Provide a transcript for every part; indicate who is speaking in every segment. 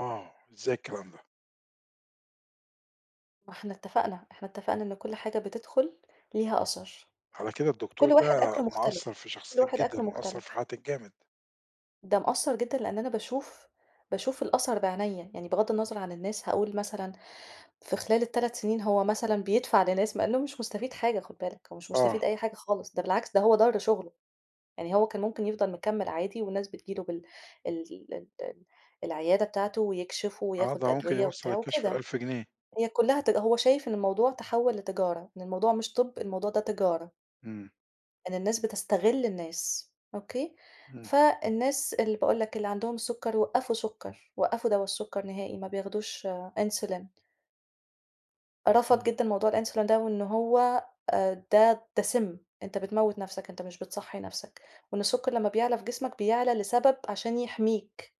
Speaker 1: آه، إزاي الكلام ده؟
Speaker 2: ما إحنا اتفقنا، إحنا اتفقنا إن كل حاجة بتدخل ليها أثر.
Speaker 1: على كده الدكتور
Speaker 2: كل واحد
Speaker 1: ده،
Speaker 2: أكله
Speaker 1: مأثّر
Speaker 2: مختلف،
Speaker 1: في
Speaker 2: كل
Speaker 1: شخصيتِك
Speaker 2: واحد
Speaker 1: جدًا،
Speaker 2: أكله
Speaker 1: ومأثّر في
Speaker 2: مختلف.
Speaker 1: حياتِك جامد؟
Speaker 2: ده مأثّر جدًا. لأن أنا باشوف باشوف الأثر بعينيا، يعني بغضّ النظَر عن الناس، هاقول مثلًا، في خلال ال3 سنين هو مثلًا بيدفع لناس مع إنه هو مش مستفيد حاجة خُد بالَك، هو مش
Speaker 1: آه.
Speaker 2: مستفيد أي حاجة خالص، ده بالعكس ده هو ضَرّ شُغله. يعني هو كان مُمكن، يفضل مكمِل عادي والناس بتيجي له بال ال ال ال العيادة بتاعتُه ويكشف
Speaker 1: آه، ده
Speaker 2: وياخد
Speaker 1: مُمكن
Speaker 2: أدوية
Speaker 1: يوصّل
Speaker 2: وبتاع
Speaker 1: الكشف
Speaker 2: وكده.
Speaker 1: ل1000 جنيه.
Speaker 2: هي كلّها ت هو شايف إن الموضوع تحول لتجارة. إن الموضوع مش طب، الموضوع ده تجارة.
Speaker 1: إمم.
Speaker 2: إن الناس بتستغِل الناس. أوكي،
Speaker 1: إمم.
Speaker 2: فالناس اللي باقول لَك، اللي عندهُم السُكر وقفوا سُكَّرُ، وقفوا دوا السُكَّر نهائي. ما بياخدوش Insulin. رفض
Speaker 1: إمم.
Speaker 2: جدًا موضوع الInsulin ده وإن هو آآ ده ده سِمّ. أنت بتموّت نَفْسَك أنت مش بتصحّي نَفْسَك، وإن السُكَّر لمّا بيعلى في جسمك، بيعلى لسبب عشان يحميك.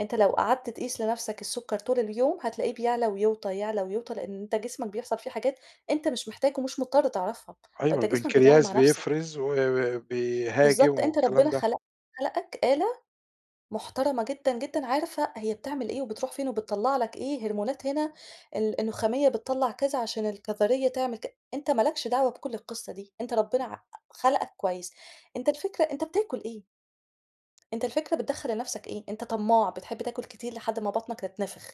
Speaker 2: أنت لو قعدّت تقيس لنَفْسَك السُكَّر طول اليوم هتلاقيه بيعلى ويوطى، يعلى ويوطى لأن أنت جسمك، بيحصل فيه حاجات أنت مش محتاج ومش مُضطر تعرفها هو
Speaker 1: أيوة،
Speaker 2: أنت جسمك بيتعامل
Speaker 1: البنكرياس
Speaker 2: مع نَفْسُه.
Speaker 1: بيفرز و وبيهاجم
Speaker 2: بالضبط، أنت
Speaker 1: والكلام
Speaker 2: ربنا
Speaker 1: ده.
Speaker 2: خلق خلقَك آلة مُحترمة جدًا، جدًا عارفة هي بتعمل إيه، وبتروح فين، وبتطَلّع لَك إيه هرمونات هنا ال النخامية بتطَلّع كذا عشان الكظرية تعمل ك أنت ما لكش دعوة بكل القِصة دي أنت ربنا
Speaker 1: إمم.
Speaker 2: ع خلَقَك كويس، أنت الفكرة أنت بتآكل إيه؟ أنت الفكرة بتدخّل لنَفْسَك إيه؟ أنت طماع بتحب تآكل كتير لحدّ ما بطنَك تتنفخ.